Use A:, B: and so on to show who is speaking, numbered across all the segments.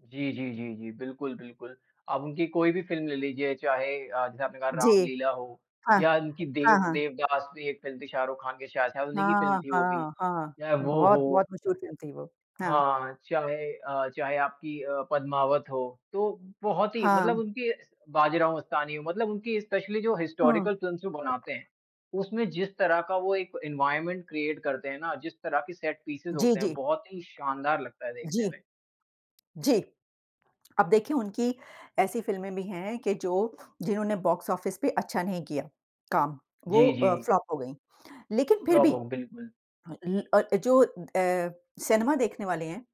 A: जी, जी, जी, जी। बिल्कुल, बिल्कुल। आप उनकी कोई भी फ़िल्म ले लीजिये चाहे अ, जैसे आपने कहा
B: जी।
A: रामलीला हो
B: हाँ।
A: या उनकी देव
B: हाँ, हाँ।
A: देवदास भी एक फिल्म थी शाहरुख खान के शाह शायद उन्हीं की फिल्म
B: हाँ,
A: थी वो भी।
B: हाँ, हाँ,
A: चाहे
B: हाँ।
A: वो
B: बहुत-बहुत
A: हो
B: मशहूर फ़िल्म थी वो। हाँ।
A: हाँ, चाहे अ, चाहे आपकी अ, पद्मावत हो। तो बहुत ही मतलब
B: हाँ।
A: उनकी बाजीराव मस्तानी मतलब उनकी स्पेशली जो
B: हाँ।
A: हिस्टोरिकल फ़िल्म्स भी बनाते हैं उसमे जिस तरह का वो एक एनवायरनमेंट क्रिएट करते है ना, जिस तरह की सेट पीसेस
B: जी,
A: होते हैं,
B: जी।
A: बहुत ही शानदार लगता है देखने
B: जी।
A: में।
B: जी। अब देखिए उनकी ऐसी फ़िल्में भी हैं कि जो जिन्होंने बॉक्स-ऑफिस पे अच्छा नहीं किया काम। वो
A: जी,
B: अ,
A: जी।
B: फ्लॉप हो गई। लेकिन फिर
A: फ्लॉप
B: भी
A: हो, बिल्कुल।
B: ल अ, जो अ, सिनेमा देखने वाले हैं,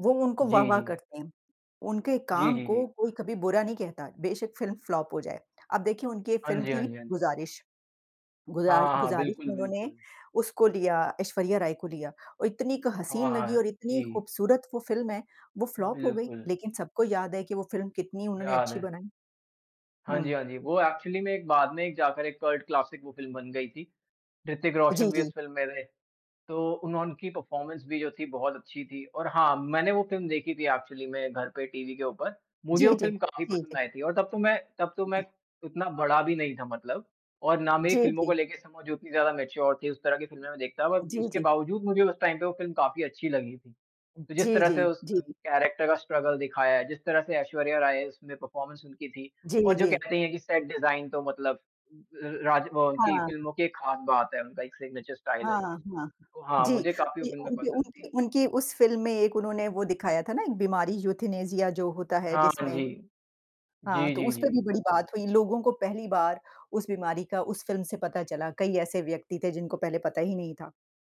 B: वो उनको
A: जी,
B: वाह-वाह
A: जी।
B: करते हैं। उनके
A: जी,
B: काम
A: जी,
B: को
A: जी।
B: कोई कभी बुरा नहीं कहता। बेशक फ़िल्म फ्लॉप हो जाए। अब देखिए उनकी एक
A: हाँ
B: फिल्म
A: जी, हाँ
B: थी
A: जी, हाँ जी।
B: गुज़ारिश।
A: हाँ,
B: गुज़ा
A: हाँ, हाँ।
B: गुज़ारिश
A: बिल्कुल,
B: में उन्होंने
A: बिल्कुल।
B: उसको लिया ऐश्वर्या राय को लिया। और इतनी क
A: हाँ,
B: हसीन लगी और
A: हाँ।
B: इतनी
A: जी।
B: खूबसूरत वो फ़िल्म है, वो फ्लॉप हो गई।
A: बिल्कुल।
B: लेकिन सबको याद है कि वो फ़िल्म कितनी उन्होंने
A: याद
B: अच्छी
A: है।
B: बनाई।
A: हाँ जी,
B: हुँ।
A: हाँ जी। वो एक्चुअली में एक बाद में जाकर एक कल्ट क्लासिक वो फ़िल्म बन गयी थी। ऋतिक रोशन
B: जी,
A: भी
B: जी।
A: उस फ़िल्म में थे। तो उन्होंन की परफ़ॉरमेंस भी जो थी बहुत अच्छी थी। और हाँ, मैंने वो फ़िल्म देखी थी एक्चुअली में घर पे टीवी के ऊपर, मुझे
B: जी,
A: वो
B: जी।
A: फ़िल्म काफ़ी
B: जी,
A: पसंद
B: जी।
A: आई थी। और तब तो मैं, तब तो मैं उतना बड़ा भी नहीं था मतलब। और ना मेरी
B: जी,
A: फ़िल्मों को
B: जी।
A: लेके समझ उतनी ज़्यादा मैच्योर थी। उस तरह की फ़िल्में में देखता बट
B: जी,
A: उसके
B: जी।
A: बावजूद मुझे उस टाइम पे वो फ़िल्म काफ़ी अच्छी लगी थी। तो जिस
B: जी,
A: तरह से
B: जी,
A: उस
B: जी।
A: कैरेक्टर का स्ट्रगल दिखाया है, जिस तरह से ऐश्वर्या राय है उसमें परफ़ॉर्मेंस उनकी थी।
B: जी,
A: और जो
B: जी।
A: कहते है की सेट डिज़ाइन तो मतलब र राज वो उनकी
B: हाँ।
A: फ़िल्मों की एक खास बात है उनका एक सिग्नेचर स्टाइल है
B: हाँ,
A: जो।
B: हाँ।
A: तो हाँ
B: जी,
A: मुझे काफ़ी फ़िल्में
B: उनकी
A: पसंद थी।
B: उनकी उनकी उस फ़िल्म में एक उन्होंने वो दिखाया था ना एक बीमारी यूथेनेसिया जो होता है
A: हाँ,
B: जिसमें।
A: जी।
B: हाँ,
A: जी,
B: तो
A: जी,
B: उसपे भी
A: जी।
B: बड़ी बात हुई। लोगों को पहली बार उस बीमारी का उस फ़िल्म से पता चला। कई ऐसे व्यक्ति थे जिनको पहले पता ही नहीं था।